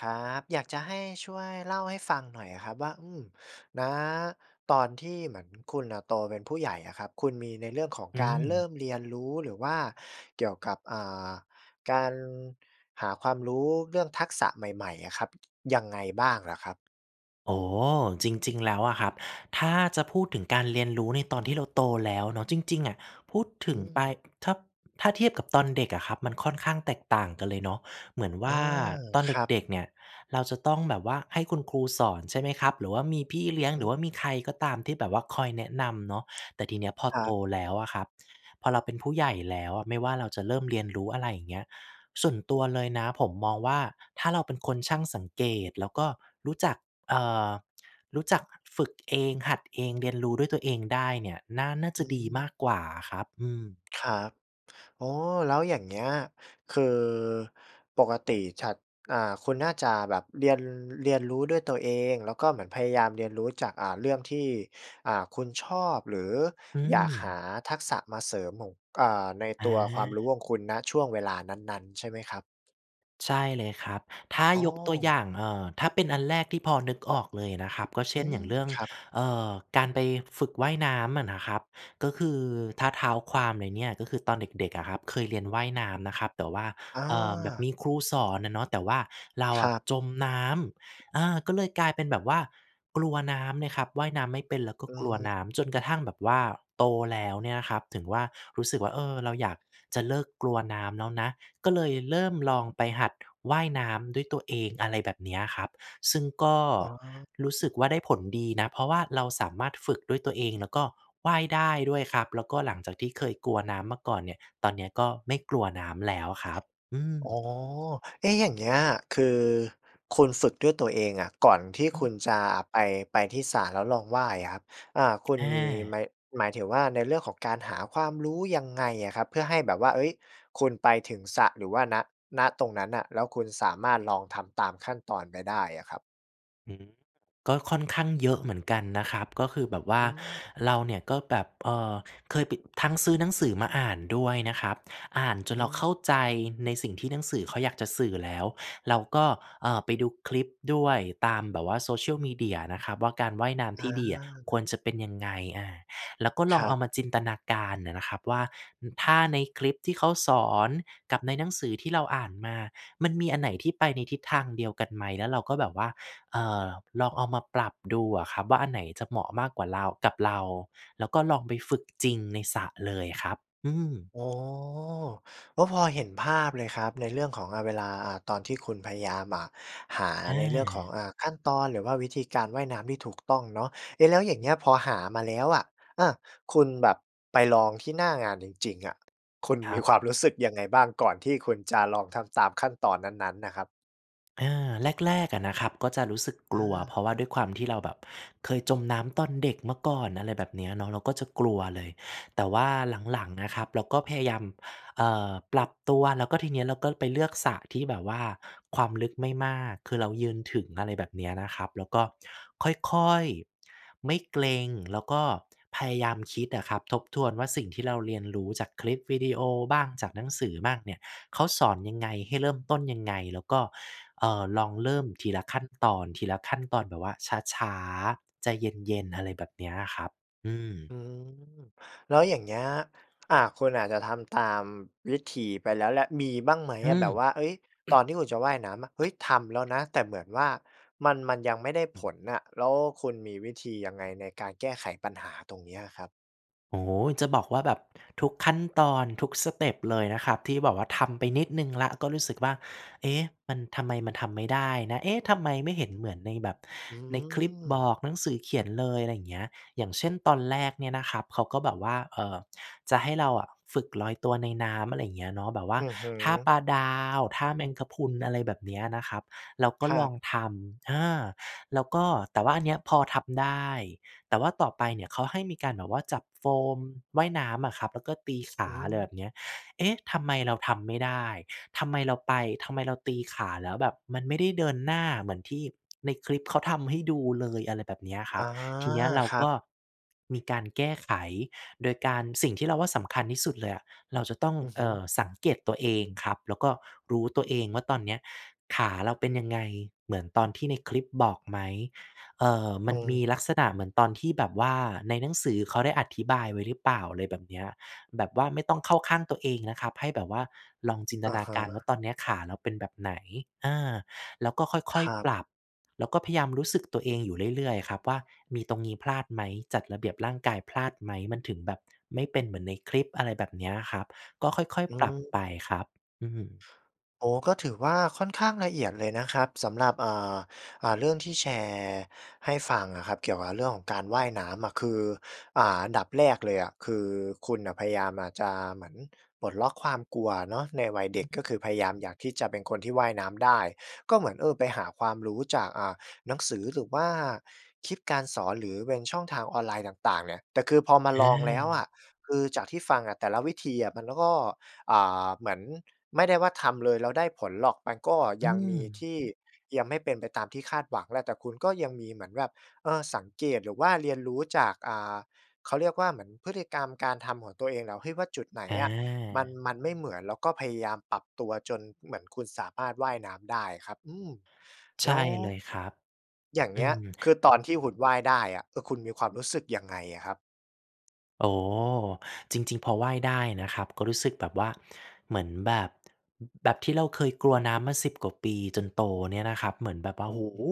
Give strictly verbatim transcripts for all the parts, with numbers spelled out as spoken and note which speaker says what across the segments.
Speaker 1: ครับ อยากจะให้ช่วยเล่าให้ฟังหน่อยอะครับว่า อืม ณ ตอนที่เหมือนคุณน่ะโตเป็นผู้ใหญ่อะครับ คุณมีในเรื่องของ
Speaker 2: อ
Speaker 1: การเริ
Speaker 2: ืม
Speaker 1: ่มเรียนรู้ หรือว่าเกี่ยวกับ อ่า การหาความรู้เรื่องทักษะใหม่ ๆ อะครับ ยังไงบ้างเหรอครับ?
Speaker 2: อ๋อ จริง ๆ แล้วอะครับ ถ้าจะพูดถึงการเรียนรู้ในตอนที่เราโตแล้วเนาะ จริง ๆ อะ พูดถ
Speaker 1: อ
Speaker 2: ึ
Speaker 1: ื
Speaker 2: งไป
Speaker 1: ม
Speaker 2: ถ้า ถ้าเทียบกับตอนเด็กอะครับ มันค่อนข้างแตกต่างกันเลยเนาะ เหมือนว
Speaker 1: อ
Speaker 2: ่
Speaker 1: า
Speaker 2: าตอน
Speaker 1: ค
Speaker 2: เ
Speaker 1: รับ
Speaker 2: ด็ก ๆ เนี่ยเราจะต้องแบบว่าให้คุณครูสอน ใช่ไหมครับ หรือว่ามีพี่เลี้ยง
Speaker 1: อ
Speaker 2: หรื
Speaker 1: ื
Speaker 2: อ
Speaker 1: ม
Speaker 2: ว่ามีใครก็ตามที่แบบว่าคอยแนะนำเนาะ แต่ทีเนี้ยพอ
Speaker 1: ครั
Speaker 2: โต
Speaker 1: บ
Speaker 2: แล้วอะครับ พอเราเป็นผู้ใหญ่แล้วอะ ไม่ว่าเราจะเริ่มเรียนรู้ อะไรอย่างเงี้ย ส่วนตัวเลยนะผมมองว่า ถ้าเราเป็นคนช่างสังเกต แล้วก็รู้จัก เอ่อ รู้จักฝึกเอง หัดเอง เรียนรู้ด้วยตัวเองได้เนี่ย น่า น่า
Speaker 1: อ
Speaker 2: จ
Speaker 1: ื
Speaker 2: ะดีม
Speaker 1: ม
Speaker 2: ากกว่าอะครับ อืม
Speaker 1: ครับ อ๋อ แล้วอย่างเงี้ย คือปกติฉัด อ่า คุณน่าจะแบบเรียน เรียนรู้ด้วยตัวเอง แล้วก็เหมือนพยายามเรียนรู้จาก อ่า เรื่องที่ อ่า คุณชอบ หรือ
Speaker 2: อ
Speaker 1: อยากห
Speaker 2: ืม
Speaker 1: าทักษะมาเสริมหม่ง อ่า ใน
Speaker 2: อ
Speaker 1: ตัวความรู้
Speaker 2: า
Speaker 1: ของคุณ ณ ช่วงเวลานั้น ๆ ใช่ไหมครับ?
Speaker 2: ใช่เลยครับ ถ้า
Speaker 1: อ้
Speaker 2: ยกตัวอย
Speaker 1: อ
Speaker 2: ่าง เอ่อ ถ้าเป็นอันแรกที่พอนึกออกเลยอะนะครับ ก็เช
Speaker 1: อื
Speaker 2: ่น อย
Speaker 1: ม
Speaker 2: ่างเรื่อง
Speaker 1: ครับ
Speaker 2: เอ่อ การไปฝึกว่ายน้ำอะนะครับ ก็คือ ถ้าเท้าความเลยเนี่ย ก็คือตอนเด็ก ๆ อะครับ เคยเรียนว่ายน้ำนะครับ แต่ว่า
Speaker 1: อ
Speaker 2: เอ่อ แบบ
Speaker 1: า
Speaker 2: มีครูสอนอะเนาะ แต่ว่าเรา
Speaker 1: ค
Speaker 2: อ
Speaker 1: ร
Speaker 2: ะ
Speaker 1: ับ
Speaker 2: จมน้ำ อา ก็เลยกลายเป็นแบบว่ากลัวน้ำเนี่ยครับ ว่ายน้ำไม่เป็น แล้วก็
Speaker 1: อื
Speaker 2: กล
Speaker 1: อ
Speaker 2: ัว
Speaker 1: ฮ
Speaker 2: น้ำ จนก
Speaker 1: ึ
Speaker 2: ระทั่งแบบว่าโตแล้วเนี่ยนะครับ ถึงว่า รู้สึกว่า เออ เราอยากจะเลิกกลัวน้ำแล้วนะ ก็เลยเริ่มลองไปหัดว่ายน้ำด้วยตัวเอง อะไรแบบเนี้ยครับ ซึ่งก็
Speaker 1: อ๋อ
Speaker 2: รู้
Speaker 1: อ
Speaker 2: ส
Speaker 1: ื
Speaker 2: ึ
Speaker 1: ม
Speaker 2: กว่าได้ผลดีนะ เพราะว่าเราสามารถฝึกด้วยตัวเอง แล้วก็ว่ายได้ด้วยครับ แล้วก็หลังจากที่เคยกลัวน้ำมาก่อนเนี่ย ตอนเนี้ยก็ไม่กลัวน้ำแล้วครับ อืม
Speaker 1: อ๋อ เอ๊ะ อย่างเงี้ย คือคุณฝึกด้วยตัวเองอะ ก่อนที่
Speaker 2: อื
Speaker 1: คุ
Speaker 2: ม
Speaker 1: ณจะไป ไปที่สระแล้วลองว่ายอะครับ อ่า คุณ
Speaker 2: อ
Speaker 1: มีไม
Speaker 2: า
Speaker 1: หมายถึงว่า ในเรื่องของการหาความรู้ยังไงอะครับ? เพื่อให้แบบว่า เฮ้ย คุณไปถึงสระหรือว่า ณ ณ ตรงนั้นน่ะ แล้วคุณสามารถลองทำตามขั้นตอนไปได้อะครับ
Speaker 2: หือ ก็ค่อนข้างเยอะเหมือนกันนะครับ ก็คือแบบว่า
Speaker 1: อืม
Speaker 2: เราเนี่ยก็แบบ เอ่อ เคยปิด ทั้งซื้อหนังสือมาอ่านด้วยนะครับ อ่านจ
Speaker 1: อ
Speaker 2: นเราเข้า
Speaker 1: ืม
Speaker 2: ใจในสิ่งที่หนังสือเขาอยากจะสื่อแล้ว เราก็ เอ่อ ไปดูคลิปด้วย ตามแบบว่า Social media นะครับว่า การว่ายน้
Speaker 1: อ
Speaker 2: ำที่ดีอะค
Speaker 1: า
Speaker 2: วรจะเป็นยังไง อา แล้วก็ล
Speaker 1: ค
Speaker 2: อง
Speaker 1: ร
Speaker 2: เ
Speaker 1: ั
Speaker 2: อา
Speaker 1: บ
Speaker 2: มาจินตนาการน่ะนะครับว่า น ถ้าในคลิปที่เขาสอน กับในหนังสือที่เราอ่านมา มันมีอันไหนที่ไปในทิศทางเดียวกันไหม แล้วเราก็แบบว่า เอ่อ ลองเอามาปรับดูอะครับว่า อันไหนจะเหมาะมากกว่าเรา กับเรา แล้วก็ลองไปฝึกจริงในสระเลยครับ อืม
Speaker 1: อ๋อ ก็พอเห็นภาพเลยครับ ในเรื่องของ อา เวลา อ่า ตอนที่คุณพยายาม อ่า หา
Speaker 2: อ
Speaker 1: ในเรื่องขอ
Speaker 2: า
Speaker 1: ง อ่า ขั้นตอน หรือว่าวิธีการว่ายน้ำที่ถูกต้องเนาะ เอ๊ะ แล้วอย่าง
Speaker 2: อ
Speaker 1: เ
Speaker 2: ื
Speaker 1: งี้
Speaker 2: ม
Speaker 1: ย พอหามาแล้วอะ อา คุณแบบไปลองที่หน้างานจริง ๆ อะ คุณ
Speaker 2: ค
Speaker 1: ม
Speaker 2: ร
Speaker 1: ี
Speaker 2: ับ
Speaker 1: ความ รู้สึกยังไงบ้าง? ก่อนที่คุณจะลองทำตามขั้นตอนนั้น ๆ น่ะครับ
Speaker 2: อา แรก ๆ อะนะครับ ก็จะรู้สึกก
Speaker 1: อ
Speaker 2: ลัว เพ
Speaker 1: า
Speaker 2: ราะว่าด้วยความที่เราแบบเคยจมน้ำตอนเด็กเมื่อก่อน อะไรแบบเนี้ยเนาะ เราก็จะกลัวเลย แต่ว่าหลัง ๆ อะครับ เราก็พยายาม เอ่อ ปรับตัว แล้วก็ทีเนี้ยเราก็ไปเลือกสระที่แบบว่าความลึกไม่มาก คือเรายืนถึง อะไรแบบเนี้ยนะครับ แล้วก็ค่อย ๆ ไม่เกร็ง แล้วก็พยายามคิดอะครับ ทบทวนว่า สิ่งที่เราเรียนรู้จากคลิปวิดีโอบ้าง จากหนังสือบ้างเนี่ย เขาสอนยังไง ให้เริ่มต้นยังไง แล้วก็ เอ่อ ลองเริ่มทีละขั้นตอน ทีละขั้นตอนแบบว่าช้า ๆ ใจเย็น ๆ อะไรแบบเนี้ยอะครับ อืม
Speaker 1: อืม แล้วอย่างเงี้ย อ่า คุณอาจจะทำตามวิธีไปแล้วแหละ มีบ้างไหม
Speaker 2: อื
Speaker 1: อะ? แบบว่า
Speaker 2: ม
Speaker 1: เอ๊ย ตอนที่คุณจะว่ายน้ำอะ เฮ้ย ทำแล้วนะ แต่เหมือนว่ามัน มันยังไม่ได้ผ
Speaker 2: อืม
Speaker 1: ลน่ะ แล้วคุณมีวิธียังไงในการแก้ไขปัญหาตรงเนี้ยอะครับ?
Speaker 2: โอ้ จะบอกว่าแบบ ทุกขั้นตอนทุกสเต็ปเลยนะครับ ที่แบบว่าทำไปนิดหนึ่งแล้ว ก็รู้สึกว่า เอ๊ะ! มัน ทำไมมันทำไม่ได้นะ? เอ๊ะ! ทำไมไม่เห็นเหมือนในแบบ
Speaker 1: อื
Speaker 2: ในคลิปบ
Speaker 1: ม
Speaker 2: อก หนังสือเขียนเลย อะไรอย่างเงี้ย อย่างเช่น ตอนแรกเนี่ยนะครับ เขาก็แบบว่า เอ่อ จะให้เราอะฝึกลอยตัวในน้ำ อะไรอย่างเงี้ยเนาะ แบบว่
Speaker 1: อ
Speaker 2: า
Speaker 1: ือฮึ
Speaker 2: ท่าปลาดาว ท่าแมงกะพรุน อะไรแบบเนี้ยนะครับ เราก็
Speaker 1: ผ
Speaker 2: ล
Speaker 1: ั
Speaker 2: อ
Speaker 1: ก
Speaker 2: งทำ เออ แล้วก็ แต่ว่าอันเนี้ยพอทำได้ แต่ว่าต่อไปเนี่ย เขาให้มีการแบบว่าจับโฟมว่ายน้ำอะครับ แล้วก็ตีข
Speaker 1: อื
Speaker 2: า อะไรแ
Speaker 1: ม
Speaker 2: บบเนี้ย เอ๊ะ! ทำไมเราทำไม่ได้ ทำไมเราไป ทำไมเราตีขา แล้วแบบมันไม่ได้เดินหน้า เหมือนที่ในคลิปเขาทำให้ดูเลย อะไรแบบเนี้ยค
Speaker 1: อ
Speaker 2: รับ
Speaker 1: า
Speaker 2: ทีเนี้ยเรา
Speaker 1: ครั
Speaker 2: ก
Speaker 1: บ
Speaker 2: ็มีการแก้ไขโดยการ สิ่งที่เราว่าสำคัญที่สุดเลยอะ เราจะต้อง
Speaker 1: อือฮ
Speaker 2: เอ
Speaker 1: ึ
Speaker 2: ่อ สังเกตตัวเองครับ แล้วก็รู้ตัวเองว่า ตอนเนี้ยขาเราเป็นยังไง เหมือนตอนที่ในคลิปบอกไหม เอ่อ ม
Speaker 1: อื
Speaker 2: ันมีลั
Speaker 1: ม
Speaker 2: กษณะเหมือนตอนที่แบบว่า ในหนังสือเขาได้อธิบายไว้หรือเปล่า อะไรแบบเนี้ย แบบว่าไม่ต้องเข้าข้างตัวเองนะครับ ให้แบบว่าลองจินต
Speaker 1: อะ
Speaker 2: นา
Speaker 1: ฮ
Speaker 2: การว่า
Speaker 1: ะ
Speaker 2: ตอนเนี้ยขาแล้วเป็นแบบไหน อา แล้วก็ค่
Speaker 1: ค
Speaker 2: อย
Speaker 1: รั
Speaker 2: ๆ
Speaker 1: บ
Speaker 2: ปรับ แล้วก็พยายามรู้สึกตัวเองอยู่เรื่อย ๆ อะครับว่า มีตรงนี้พลาดไหม จัดระเบียบร่างกายพลาดไหม มันถึงแบบไม่เป็นเหมือนในคลิป อะไรแบบเนี้ยอะครับ ก็ค่อย
Speaker 1: อ
Speaker 2: ๆ ปรับไ
Speaker 1: ื
Speaker 2: ป
Speaker 1: ม
Speaker 2: ครับ อืม
Speaker 1: โอ้ ก็ถือว่าค่อนข้างละเอียดเลยนะครับ สำหรับ อ่า อ่า เรื่องที่แชร์ให้ฟังอะครับ เกี่ยวกับเรื่องของการว่ายน้ำอะ คือ อ่า อันดับแรกเลยอะ คือคุณน่ะพยายามอาจจะเหมือน ปลดล็อกความกลัวเนาะในวัยเ
Speaker 2: อ
Speaker 1: ด็
Speaker 2: ื
Speaker 1: ก ก็
Speaker 2: ม
Speaker 1: คือพยายามอยากที่จะเป็นคนที่ว่ายน้ำได้ ก็เหมือน เออ ไปหาความรู้จาก อ่า หนังสือ หรือว่าคลิปการสอน หรือเป็นช่องทางออนไลน์ต่าง ๆ เนี่ย แต่คือ พอมาลองแล้วอ
Speaker 2: อา
Speaker 1: ะ คือจากที่ฟังอะแต่ละวิธีอะมันก็ อ่า เหมือนไม่ได้ว่า ทำเลยแล้วได้ผลหรอก มันก็
Speaker 2: อื
Speaker 1: ยังมีท
Speaker 2: ม
Speaker 1: ี่ยังไม่เป็นไปตามที่คาดหวังแหละ แต่คุณก็ยังมีเหมือนแบบ เออ สังเกต หรือว่าเรียนรู้จาก อ่า เขาเรียกว่า เหมือนพฤติกรรมการทำของตัวเองแล้ว เฮ้ย ว่าจุดไหน
Speaker 2: อ
Speaker 1: อะมัน
Speaker 2: า
Speaker 1: มันไม่เหมือน แล้วก็พยายามปรับตัว จนเหมือนคุณสามารถว่ายน้ำได้อะครับ อืม
Speaker 2: ใช
Speaker 1: แล
Speaker 2: ่
Speaker 1: ้ว
Speaker 2: เลยครับ
Speaker 1: อย่าง
Speaker 2: อื
Speaker 1: เงี้ย
Speaker 2: ม
Speaker 1: คือตอนที่หุ่นว่ายได้อะ เออ คุณมีความรู้สึกยังไงอะครับ?
Speaker 2: โอ้ จริง ๆ พอว่ายได้นะครับ ก็รู้สึกแบบว่าเหมือนแบบ แบบที่เราเคยกลัวน้ำมา สิบ กว่าปีจนโตเนี่ยนะครับ เหมือนแบบว่า โอ้โ
Speaker 1: อ
Speaker 2: ฮ!
Speaker 1: ืม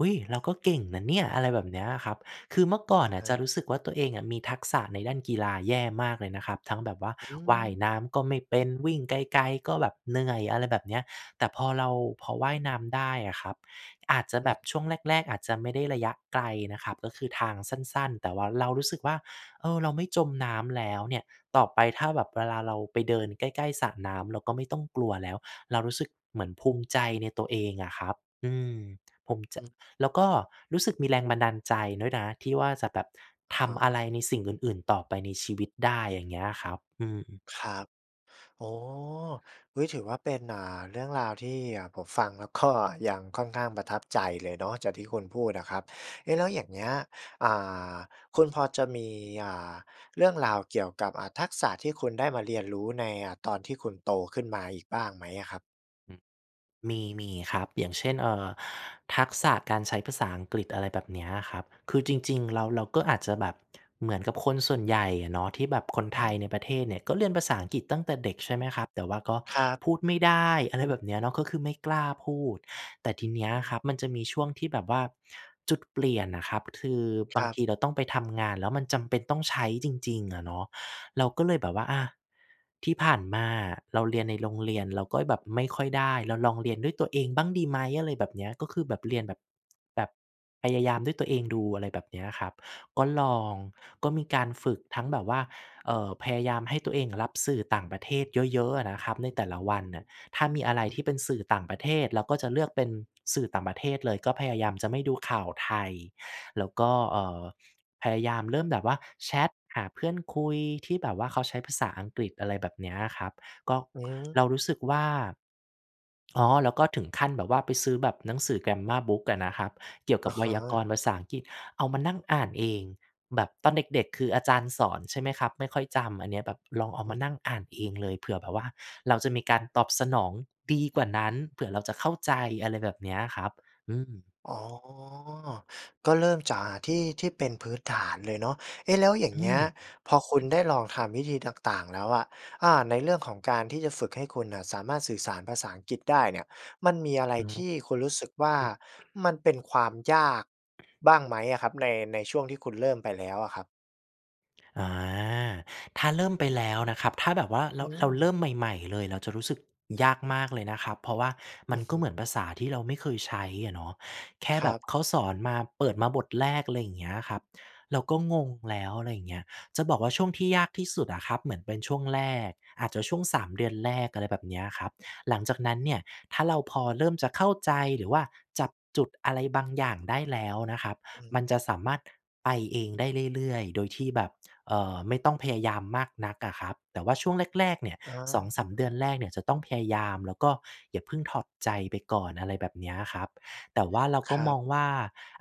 Speaker 2: อุ๊ย! เราก็เก่งนะเนี่ย อะไรแบบเนี้ยอะครับ คือเมื่อก่
Speaker 1: อ
Speaker 2: อน
Speaker 1: ะ
Speaker 2: น่
Speaker 1: ฮ
Speaker 2: ะจ
Speaker 1: ะ
Speaker 2: ะรู้สึกว่า ตัวเองอะมีทักษะในด้านกีฬาแย่มากเลยนะครับ ทั้งแบบว่า
Speaker 1: อื
Speaker 2: ว่าย
Speaker 1: ม
Speaker 2: น้ำก็ไม่เป็น วิ่งไกล ๆ ก็แบบเหนื่อย อะไรแบบเนี้ย แต่พอเรา พอว่ายน้ำได้อะครับ อาจจะ
Speaker 1: อื
Speaker 2: แบ
Speaker 1: ม
Speaker 2: บช่วงแรก ๆ อาจจะไม่ได้ระยะไกลนะครับ ก็คือทางสั้น ๆ แต่ว่าเรารู้สึกว่า เออ เราไม่จมน้ำแล้วเนี่ย ต่อไปถ้าแบบเวลาเราไปเดินใกล้ ๆ สระน้ำเราก็ไม่ต้องกลัวแล้ว เรารู้สึกเหมือนภูมิใจในตัวเองอะครับ อืม ผมจ
Speaker 1: อ
Speaker 2: ะ
Speaker 1: ืม
Speaker 2: แล้วก็รู้สึกมีแรงบันดาลใจด้วยนะ ที่ว่าจะแบบ
Speaker 1: อะ
Speaker 2: ท
Speaker 1: ฮ
Speaker 2: ำอะ
Speaker 1: ะ
Speaker 2: ไรในสิ่งอื่น ๆ ต่อไปในชีวิตได้ อย่างเงี้ยอะครับ อืม
Speaker 1: ครับ อ๋อ อุ๊ย ถือว่าเป็น อ่า เรื่องราวที่ อ่า ผมฟังแล้ว ก็ ยังค่อนข้างประทับใจเลยเนาะ จากที่คุณพูดอะครับ เอ๊ะ แล้วอย่างเงี้ย อ่า คุณพอจะมี อ่า เรื่องราวเกี่ยวกับ อ่า ทักษะที่คุณได้มาเรียนรู้ใน อ่า ตอนที่คุณโตขึ้นมาอีกบ้างไหมอะครับ?
Speaker 2: อือ มี มีครับ อย่างเช่น เอ่อ ทักษะการใช้ภาษาอังกฤษ อะไรแบบเนี้ยครับ คือจริง ๆ แล้วเราก็อาจจะแบบเหมือนกับคนส่วนใหญ่เนาะ ที่แบบคนไทยในประเทศเนี่ย ก็เรียนภาษาอังกฤษตั้งแต่เด็ก ใช่ไหมครับ? แต่ว่าก็
Speaker 1: ครับ
Speaker 2: พูดไม่ได้ อะไร แบบ เนี้ยเนาะ ก็คือไม่กล้าพูด แต่ทีเนี้ย
Speaker 1: อ
Speaker 2: ค
Speaker 1: ือ
Speaker 2: รับมันจะมีช่วงที่แบบว่า จุดเปลี่ยนน่ะครับ คือ
Speaker 1: ค
Speaker 2: บา
Speaker 1: ร
Speaker 2: ง
Speaker 1: ับ
Speaker 2: ทีเราต้องไปทำงาน แล้วมันจำเป็นต้องใช้จริง ๆ อะเนาะ เราก็เลยแบบว่า อะ ที่ผ่านมาอะ เราเรียนในโรงเรียน เราก็แบบไม่ค่อยได้ เราลองเรียนด้วยตัวเองบ้างดีไหม? อะไรแบบเนี้ย ก็คือแบบเรียนแบบ แบบพยายามด้วยตัวเองดู อะไรแบบเนี้ยครับ ก็ลอง ก็มีการฝึกทั้งแบบว่า เอ่อ พยายามให้ตัวเองรับสื่อต่างประเทศเยอะ ๆ อะนะครับ ในแต่ละวันน่ะ ถ้ามีอะไร
Speaker 1: อื
Speaker 2: ท
Speaker 1: อ
Speaker 2: ี่เป็นสื่อต่างประเทศ เราก็จะเลือกเป็นสื่อต่างประเทศเลย ก็พยายามจะไม่ดูข่าวไทย แล้วก็ เอ่อ พยายามเริ่มแบบว่า แชตหาเพื่อนคุยที่แบบว่าเขาใช้ภาษาอังกฤษ อะไรแบบเนี้ยครับ ก็
Speaker 1: อื
Speaker 2: เรา
Speaker 1: ม
Speaker 2: รู้สึกว่า อ๋อ แล้วก็ถึงขั้นแบบว่า ไปซื้อแบบหนังสือ grammar book อะนะครับ เกี่ยวก
Speaker 1: อ
Speaker 2: ั
Speaker 1: ะ
Speaker 2: บไว
Speaker 1: ฮ
Speaker 2: ยาก
Speaker 1: ะ
Speaker 2: รณ์ภาษาอังกฤษ เอามานั่งอ่านเอง แบบตอนเด็ก ๆ คืออาจารย์สอน ใช่ไหมครับ? ไม่ค่อยจำ อันเนี้ยแบบลองเอา
Speaker 1: อ
Speaker 2: ม
Speaker 1: ื
Speaker 2: า
Speaker 1: อ
Speaker 2: นั่งอ่านเองเลย เผื่อแบบว่า เราจะมีการตอบสนองดีกว่านั้น เผื่อเราจะเข้าใจ อะไรแบบเนี้ยครับ อืม
Speaker 1: อ๋อ ก็เริ่มจากที่ ที่เป็นพื้นฐานเลยเนาะ เอ๊ะ แล้วอย่า
Speaker 2: อ
Speaker 1: ง
Speaker 2: ื
Speaker 1: เงี้ย
Speaker 2: อ
Speaker 1: พอคุณได้ลองทำวิธีต่าง ๆ แล้วอะ อ่า ในเรื่องของการที่จะฝึกให้คุณน่ะ สามารถสื่อสารภาษาอังกฤษได้เนี่ย มันมีอะไร
Speaker 2: หื
Speaker 1: ท
Speaker 2: อ
Speaker 1: ี่คุณรู้สึกว่า
Speaker 2: อือ
Speaker 1: มันเป็นความยากบ้างไหมอะครับ? ใน ในช่วงที่คุณเริ่มไปแล้วอะครับ
Speaker 2: อา ถ้าเริ่มไปแล้วนะครับ ถ้าแบบว่า เร
Speaker 1: อื
Speaker 2: า เราเร
Speaker 1: ม
Speaker 2: ิ่มใหม่ ๆ เลยเราจะรู้สึกยากมากเลยนะครับ เพราะว่าม
Speaker 1: อ
Speaker 2: ั
Speaker 1: ื
Speaker 2: น
Speaker 1: อฮ
Speaker 2: ก็เหมือ
Speaker 1: ึ
Speaker 2: นภาษาที่เราไม่เคยใช้อะเนาะ แค่
Speaker 1: คร
Speaker 2: แบ
Speaker 1: ั
Speaker 2: บ
Speaker 1: บ
Speaker 2: เขาสอนมาเปิดมาบทแรก อะไรอย่างเงี้ยครับ เราก็งงแล้ว อะไรอย่างเงี้ย จะบอกว่า ช่วงที่ยากที่สุดอะครับเหมือนเป็นช่วงแรก อาจจะช่วง สาม เดือนแรก อะไรแบบเนี้ยครับ หลังจากนั้นเนี่ย ถ้าเราพอเริ่มจะเข้าใจ หรือว่าจับจุดอะไรบางอย่างได้แล้วนะครับ
Speaker 1: อืม
Speaker 2: มันจะสามารถไปเองได้เรื่อย ๆ โดยที่แบบ เอ่อ ไม่ต้องพยายามมากนักอะครับ แต่ว่าช่วงแรก ๆ เนี่ย
Speaker 1: อ
Speaker 2: สองส
Speaker 1: า
Speaker 2: าม เดือนแรกเนี่ยจะต้องพยายาม แล้วก็อย่าเพิ่งถอดใจไปก่อน อะไรแบบเนี้ยครับ แต่ว่าเราก
Speaker 1: ค
Speaker 2: ็
Speaker 1: รั
Speaker 2: ม
Speaker 1: บ
Speaker 2: องว่า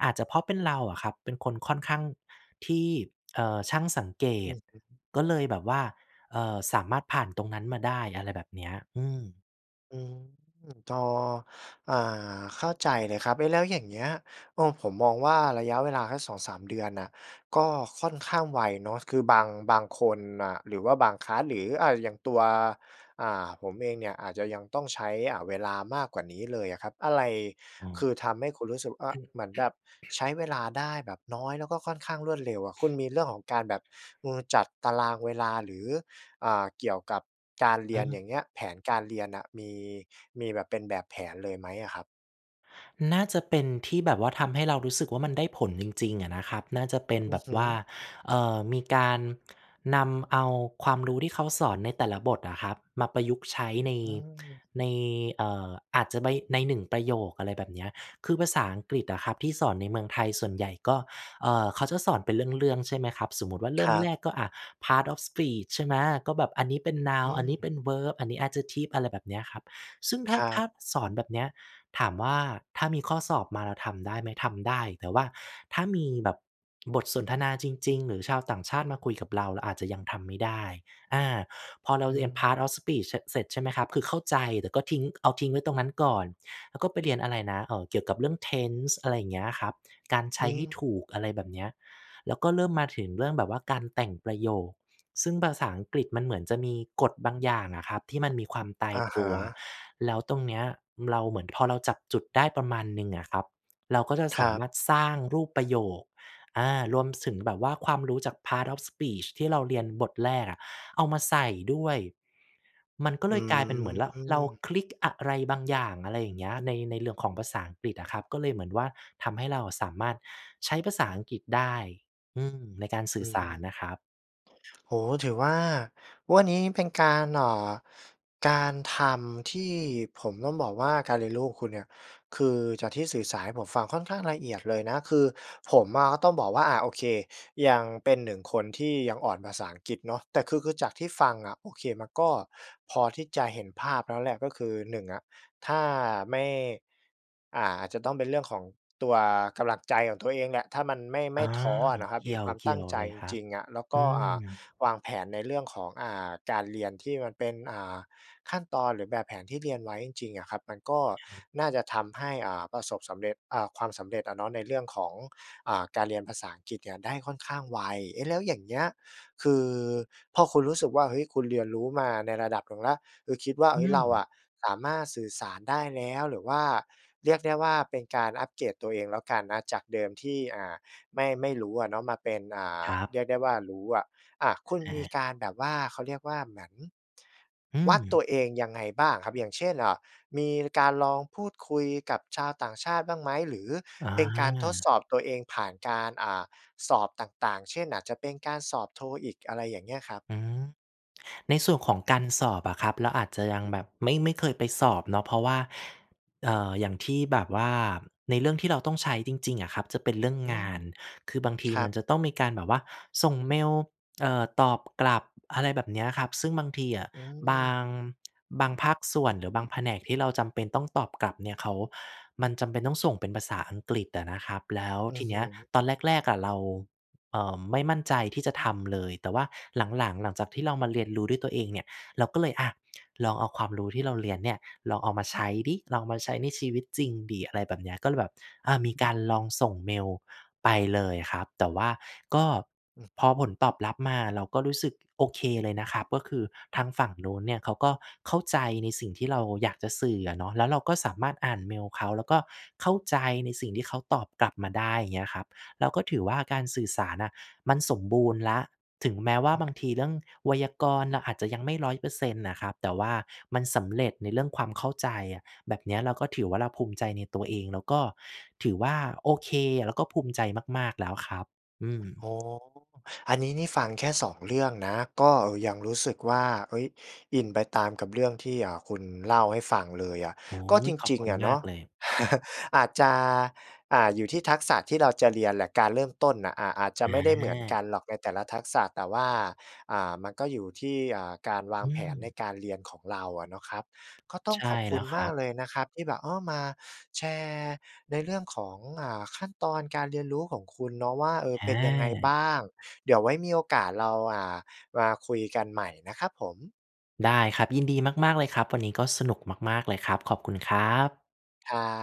Speaker 2: อาจจะเพราะเป็นเราอะครับ เป็นคนค่อนข้างที่ เอ่อ ช่างสังเก
Speaker 1: อื
Speaker 2: ต
Speaker 1: อฮึ
Speaker 2: ก็เลยแบบว่า เอ่อ สามารถผ่านตรงนั้นมาได้ อะไรแบบเนี้ย อืม
Speaker 1: อืม จอ อ่า เข้าใจเลยครับ เอ๊ะ! แล้วอย่างเงี้ย เออ ผมมองว่า ระยะเวลาสัก สองสาม เดือนน่ะ ก็ค่อนข้างไวเนาะ คือ บาง บางคนน่ะ หรือว่าบาง คลาส หรือ อ่า อย่างตัว อ่า ผมเองเนี่ยอาจจะยังต้องใช้ อ่า เวลามากกว่านี้เลยอะครับ อะไร
Speaker 2: อ๋
Speaker 1: ค
Speaker 2: อ
Speaker 1: ือทำให้คุณรู้สึก ว อะ เหมือนแบบใช้เวลาได้แบบน้อย แล้วก็ค่อนข้างรวดเร็วอะ คุณมีเรื่องของการแบบ เอ่อ จัดตารางเวลาหรือ อ่า เกี่ยวกับการเร
Speaker 2: อื
Speaker 1: ียน อย่
Speaker 2: ม
Speaker 1: างเงี้ย แผนการเรียนน่ะ มี มีแบบเป็นแบบแผนเลยไหมอะครับ?
Speaker 2: น่าจะเป็นที่แบบว่าทำให้เรารู้สึกว่า มันได้ผลจริง ๆ อะนะครับ น่าจะเป็น
Speaker 1: อื
Speaker 2: แบ
Speaker 1: อ
Speaker 2: บ
Speaker 1: ฮ
Speaker 2: ว่า
Speaker 1: ึ
Speaker 2: เอ่อ มีการนำเอาความรู้ที่เขาสอนในแต่ละบทอะครับ มาประยุกต์ใช้ ใน
Speaker 1: อืม
Speaker 2: ใน เอ่อ อาจจะใบ ใน หนึ่ง ประโยค อะไรแบบเนี้ย คือภาษาอังกฤษอะครับที่สอนในเมืองไทยส่วนใหญ่ ก็ เอ่อ เขาจะสอนเป็นเรื่อง ๆ ใช่ไหมครับ? สมมุติว่าเริ
Speaker 1: ค
Speaker 2: ่ม
Speaker 1: รั
Speaker 2: แร
Speaker 1: บ
Speaker 2: กก็อะ Part of Speech ใช่ไหม? ก็แบบอันนี้เป็น
Speaker 1: อ
Speaker 2: Noun อันนี้
Speaker 1: ืม
Speaker 2: เป็น Verb อันนี้ Adjective อะไรแบบเนี้ยครับ ซึ่ง ถ้
Speaker 1: ค
Speaker 2: า
Speaker 1: รั
Speaker 2: ถ้
Speaker 1: บ
Speaker 2: า สอนแบบเนี้ย ถามว่าถ้ามีข้อสอบมาเราทำได้ไหม? ทำได้ แต่ว่าถ้ามีแบบบทสนทนาจริง ๆ หรือชาวต่างชาติมาคุยกับเรา เราอาจจะยังทำไม่ได้ อา พอเร
Speaker 1: อ
Speaker 2: า
Speaker 1: ื
Speaker 2: เรียน Part
Speaker 1: ม
Speaker 2: of Speech เชะ เสร็จใช่ไหมครับ? คือเข้าใจ แต่ก็ทิ้ง เอาทิ้งไว้ตรงนั้นก่อน แล้วก็ไปเรียนอะไรนะ เอ่อ เกี่ยวกับเรื่อง Tense อะไรเงี้ยครับ การใช
Speaker 1: อื
Speaker 2: ้ให้ถ
Speaker 1: ม
Speaker 2: ูก อะไรแบบเนี้ย แล้วก็เริ่มมาถึงเรื่องแบบว่าการแต่งประโยค ซึ่งภาษาอังกฤษมันเหมือนจะมีกฎบางอย่างอะครับที่มันมีความตาย
Speaker 1: อะ
Speaker 2: ต
Speaker 1: ฮ
Speaker 2: ัว
Speaker 1: ะ
Speaker 2: แล้วตรงเนี้ยเราเหมือนพอเราจับจุดได้ประมาณหนึ่งอะครับ เราก็จะ
Speaker 1: ค
Speaker 2: ส
Speaker 1: ร
Speaker 2: า
Speaker 1: ั
Speaker 2: ม
Speaker 1: บ
Speaker 2: ารถสร้างรูปประโยค อา รวม สึง แบบว่าความรู้จาก Part of Speech ที่เราเรียนบทแรกอะ เอามาใส่ด้วย มันก็
Speaker 1: อ
Speaker 2: เ
Speaker 1: ื
Speaker 2: ลยกลายเป็นเหมือน ร เรา
Speaker 1: ม
Speaker 2: คลิกอะไรบางอย่าง อะไรอย่างเงี้ย ใน ในเหรื่อง ของภาษาอังกฤษอะครับ ก็เลยเหมือนว่า ทำให้เราอะสามารถใช้ภาษาอังกฤษได้ อืม ในการสื
Speaker 1: อ
Speaker 2: ่
Speaker 1: ื
Speaker 2: อส
Speaker 1: ม
Speaker 2: ารอะครับ
Speaker 1: โอ้โฮ ถือว่าวันนี้เป็นการ เอ่อ การทำที่ผมต้องบอกว่า การเรียนรู้ของคุณเนี่ย คือจากที่สื่อสารให้ผมฟังค่อนข้างละเอียดเลยนะ คือผมอะก็ต้องบอกว่า อะ โอเค ยังเป็น หนึ่ง คนที่ยังอ่อนภาษาอังกฤษเนาะ แต่ คือ คือจากที่ฟังอะ โอเค มันก็พอที่จะเห็นภาพแล้วแหละ ก็คือ หนึ่ง อะ ถ้าไม่ อ่า อาจจะต้องเป็นเรื่องของตัวกำลังใจของตัวเองแหละ ถ้ามัน ไม่ ไม
Speaker 2: อา
Speaker 1: ่ท้ออะนะครั
Speaker 2: เ
Speaker 1: บ
Speaker 2: กี
Speaker 1: ม
Speaker 2: ่
Speaker 1: ี
Speaker 2: ย
Speaker 1: ค
Speaker 2: ว
Speaker 1: วาม
Speaker 2: เก
Speaker 1: ต
Speaker 2: ี่
Speaker 1: ั้
Speaker 2: ย
Speaker 1: ง
Speaker 2: ว
Speaker 1: ใจ
Speaker 2: เลย
Speaker 1: จ
Speaker 2: ครับ
Speaker 1: ริง ๆ อะ แล้วก
Speaker 2: อื
Speaker 1: ็ อ่า
Speaker 2: ม
Speaker 1: วางแผนในเรื่องของ อ่า การเรียนที่มันเป็น อ่า ขั้นตอน หรือแบบแผนที่เรียนไว้จริง ๆ อะครับ มันก็
Speaker 2: ครับ
Speaker 1: น่าจะทำให้ อ่า ประสบสำเร็จ อ่า ความสำเร็จอะเนาะในเรื่องของ อ่า การเรียนภาษาอังกฤษเนี่ยได้ค่อนข้างไว เอ๊ะ แล้วอย่างเงี้ย คือ พอคุณรู้สึกว่า เฮ้ย คุณเรียนรู้มาในระดับหนึ่งแล้ว คือคิดว่า เ
Speaker 2: อ
Speaker 1: อ
Speaker 2: ื
Speaker 1: ๊ย เราอ
Speaker 2: ม
Speaker 1: ะสามารถสื่อสารได้แล้ว หรือว่าเรียกได้ว่าเป็นการอัปเกรดตัวเองแล้วกันนะ จากเดิมที่ อ่า ไม่ ไม่รู้อะเนาะ มาเป็น อ่า
Speaker 2: ครั
Speaker 1: เ
Speaker 2: บ
Speaker 1: รียกได้ว่ารู้อะ อ่า คุณ
Speaker 2: อ
Speaker 1: มีก
Speaker 2: า
Speaker 1: ารแบบว่า เขาเรียกว่า เหมือน
Speaker 2: อื
Speaker 1: วัด
Speaker 2: ม
Speaker 1: ตัวเองยังไงบ้างอะครับ? อย่างเช่น อ่า มีการลองพูดคุยกับชาวต่างชาติบ้างไหม? หรือ
Speaker 2: อ
Speaker 1: เป็นการทดส
Speaker 2: า
Speaker 1: อบตัวเองผ่านการ อ่า สอบต่าง ๆ เช่น อาจจะเป็นการสอบ TOEIC อะไรอย่างเงี้ยครับ?
Speaker 2: หือ ในส่วนของการสอบอะครับ เราอาจจะยังแบบ ไม่ ไม่เคยไปสอบเนาะ เพราะว่า เอ่อ อย่างที่แบบว่าในเรื่องที่เราต้องใช้จริง ๆ อะครับจะเป็นเรื่อง
Speaker 1: อื
Speaker 2: ง
Speaker 1: ม
Speaker 2: าน คือบางที
Speaker 1: ครั
Speaker 2: มัน
Speaker 1: บ
Speaker 2: จะต้องมีการแบบว่าส่งเมล เอ่อ ตอบกลับ อะไรแบบเนี้ยครับ ซึ่งบางทีอะ
Speaker 1: อื
Speaker 2: บา
Speaker 1: ม
Speaker 2: ง บางภาคส่วน หรือบางแผนกที่เราจำเป็นต้องตอบกลับเนี่ย เขา มันจำเป็นต้องส่งเป็นภาษาอังกฤษอะนะครับ แล้ว
Speaker 1: อื
Speaker 2: ท
Speaker 1: อ
Speaker 2: ี
Speaker 1: ฮ
Speaker 2: เนี้ย
Speaker 1: ึ
Speaker 2: ตอนแรก ๆ อะเรา เอ่อ ไม่มั่นใจที่จะทำเลย แต่ว่าหลัง ๆ หลังจากที่เรามาเรียนรู้ด้วยตัวเองเนี่ยเรา ก็เลยอะ ลองเอาความรู้ที่เราเรียนเนี่ย ลองเอามาใช้สิ ลองเอามาใช้ในชีวิตจริงสิ อะไรแบบเนี้ย ก็เลยแบบ อ่า มี
Speaker 1: อื
Speaker 2: กา
Speaker 1: ม
Speaker 2: รลองส่งเมลไปเลยครับ แต่ว่าก็
Speaker 1: อืม
Speaker 2: พอผลตอบรับมา เราก็รู้สึกโอเคเลยนะครับ ก็คือทางฝั่งนู้นเนี่ยเขาก็เข้าใจในสิ่งที่เราอยากจะสื่ออะเนาะ แล้วเราก็สามารถอ่านเมลเขา แล้วก็เข้าใจในสิ่งที่เขาตอบกลับมาได้ อย่างเงี้ยครับ เราก็ถือว่าการสื่อสารอะ มันสมบูรณ์แล้ว ถึงแม้ว่า
Speaker 1: อืม
Speaker 2: บางทีเรื่องไวยากรณ์เราอาจจะยังไม่ ร้อยเปอร์เซ็นต์ อะครับ แต่ว่ามันสำเร็จในเรื่องความเข้าใจอะ แบบเนี้ยเราก็ถือว่า เราภูมิใจในตัวเอง แล้วก็ถือว่าโอเค แล้วก็ภูมิใจมาก ๆ แล้วครับ อืม
Speaker 1: โอ้โฮ อันนี้นี่ฟังแค่ สอง เรื่องนะ ก็ยังรู้สึกว่า เอ๊ย อินไปตามกับเรื่องที่ เอ่อ คุณเล่าให้ฟังเลยอะ
Speaker 2: โอ้โฮ
Speaker 1: ก็จ
Speaker 2: ขอบ
Speaker 1: ริ
Speaker 2: ค
Speaker 1: ง
Speaker 2: ุ
Speaker 1: ๆ
Speaker 2: ณ
Speaker 1: อะ
Speaker 2: ม
Speaker 1: เน
Speaker 2: า
Speaker 1: า
Speaker 2: ก
Speaker 1: ะ
Speaker 2: เลย
Speaker 1: อาจจะ อ่า อยู่ที่ทักษะที่เราจะเรียนแหละ การเริ่มต้นน่ะ อ่า อาจจะไม่ได้เหมือนก
Speaker 2: อา
Speaker 1: ันหรอกในแต่ละทักษะ แต่ว่า อ่า มันก็อยู่ที่ อ่า การวา
Speaker 2: อ
Speaker 1: ง
Speaker 2: ื
Speaker 1: แผนใน
Speaker 2: ม
Speaker 1: การเรียนของเราอะเนาะครับ ก็ต้อ
Speaker 2: ใช
Speaker 1: ง
Speaker 2: ่
Speaker 1: ขอบค
Speaker 2: แล้
Speaker 1: ุณ
Speaker 2: วค
Speaker 1: ม
Speaker 2: รั
Speaker 1: าก
Speaker 2: บ
Speaker 1: เลยนะครับที่แบบ อ้อ มาแชร์ในเรื่องของ อ่า ขั้นตอนการเรียนรู้ของคุณเนาะว่า เออ เป็นยังไง
Speaker 2: อ
Speaker 1: บ
Speaker 2: า
Speaker 1: ้าง เดี๋ยวไว้มีโอกาสเรา อ่า มาคุยกันใหม่นะครับผม
Speaker 2: ได้ครับ ยินดีมาก ๆ เลยครับ วันนี้ก็สนุกมาก ๆ เลยครับ ขอบคุณครับ
Speaker 1: ครับ